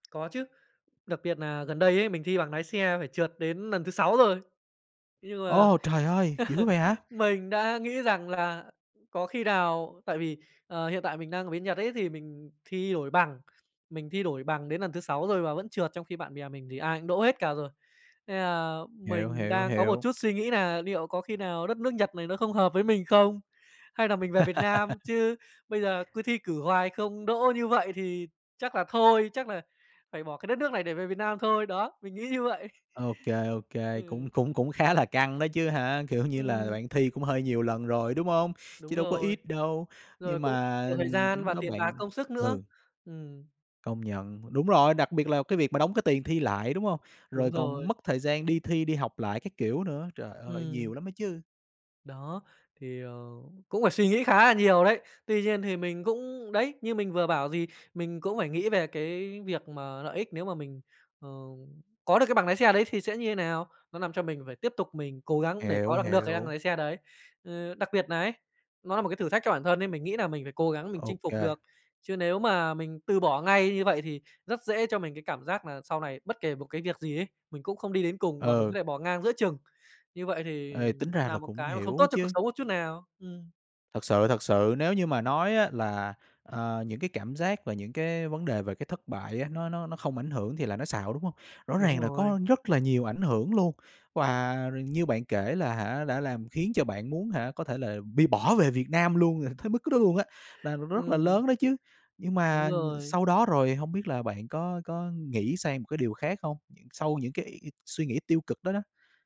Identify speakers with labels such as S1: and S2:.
S1: Có chứ, đặc biệt nà gần đây ấy, mình thi bằng nái xe phải trượt đến lần thứ 6 rồi. Thế nhưng mà
S2: Ô! Trời ơi, dữ vậy hả?
S1: mình đã nghĩ rằng là, ừm, có khi nào, tại vì, ờ, hiện tại mình đang ở bên Nhật ấy, thì mình thi đổi bằng. Mình thi đổi bằng đến lần thứ 6 rồi mà vẫn trượt, trong khi bạn bè mình thì ai cũng đỗ hết cả rồi, nên là
S2: Hiểu,
S1: mình
S2: hiểu,
S1: đang có một
S2: hiểu.
S1: chút suy nghĩ nà niệu có khi nào đất nước Nhật này nó không hợp với mình không, hay là mình về Việt Nam chứ bây giờ cứ thi cử hoài không đỗ như vậy thì chắc là thôi, chắc là phải bỏ cái đất nước này để về Việt Nam thôi, đó, mình nghĩ như vậy.
S2: Ô kê, ô
S1: Ừ.
S2: kê, cũng cũng cũng khá là căng đó chứ hả? Kiểu như là,
S1: Ừm.
S2: bạn thi cũng hơi nhiều lần rồi, đúng hông? Chứ
S1: Đúng
S2: đâu có
S1: rồi,
S2: ít đâu,
S1: rồi
S2: nhưng
S1: cũng
S2: mà,
S1: nhiều thời
S2: ừm, cái
S1: gian
S2: lúc
S1: và
S2: đó
S1: tiền bạc,
S2: bạn
S1: công sức nữa.
S2: ừ.
S1: Ừm.
S2: Công nhận, đúng rồi, đặc biệt là cái việc mà đóng cái tiền thi lại, đúng hông?
S1: Đúng
S2: Rồi còn
S1: rồi.
S2: mất thời gian đi thi, đi học lại các kiểu nữa, trời ơi,
S1: Ừm.
S2: nhiều lắm đó chứ.
S1: Đó, thì, ờ, cũng phải suy nghĩ khá là nhiều đấy. Tuy nhiên thì mình cũng đấy, như mình vừa bảo, gì, mình cũng phải nghĩ về cái việc mà lợi ích nếu mà mình, ờ, có được cái bằng nái xe đấy thì sẽ như thế nào, nó làm cho mình phải tiếp tục mình cố gắng để
S2: Hiểu,
S1: có bằng được cái bằng
S2: hiểu.
S1: lái xe đấy. Ờ, đặc biệt nà ấy, nó nà một cái thử thách cho bản thân ấy, mình nghĩ nà mình phải cố gắng mình
S2: Ô
S1: chinh phục
S2: kê.
S1: được. Chứ nếu mà mình từ bỏ ngay như vậy thì rất dễ cho mình cái cảm giác nà sau này bất kể một cái việc gì ấy, mình cũng không đi đến cùng và mình
S2: Ừ.
S1: có thể bỏ ngang giữa chừng, như vậy thì
S2: Ê, tính ra
S1: nà
S2: là
S1: một
S2: cũng
S1: cái mà không
S2: hiểu
S1: tốt
S2: á
S1: cho cuộc
S2: chứ.
S1: sống một chút nào. Ừm.
S2: Thật sự, thật sự nếu như mà nói á là, ờ, những cái cảm giác và những cái vấn đề về cái thất bại á, nó nó nó không ảnh hưởng thì là nói xạo, đúng hông? Rõ
S1: Đúng
S2: ràng là
S1: rồi.
S2: có rất là nhiều ảnh hưởng luôn, và r như bạn kể là hả, đã làm khiến cho bạn muốn hả có thể là bị bỏ về Việt Nam luôn, tới mức đó luôn á, là n rất là
S1: Ừm.
S2: lớn đó chứ. Nhưng
S1: Đúng
S2: mà, ừm,
S1: rồi.
S2: sau đó rồi hông biết là bạn có có nghĩ sang một cái điều khác không? Sau những cái suy nghĩ tiêu cực đó đó?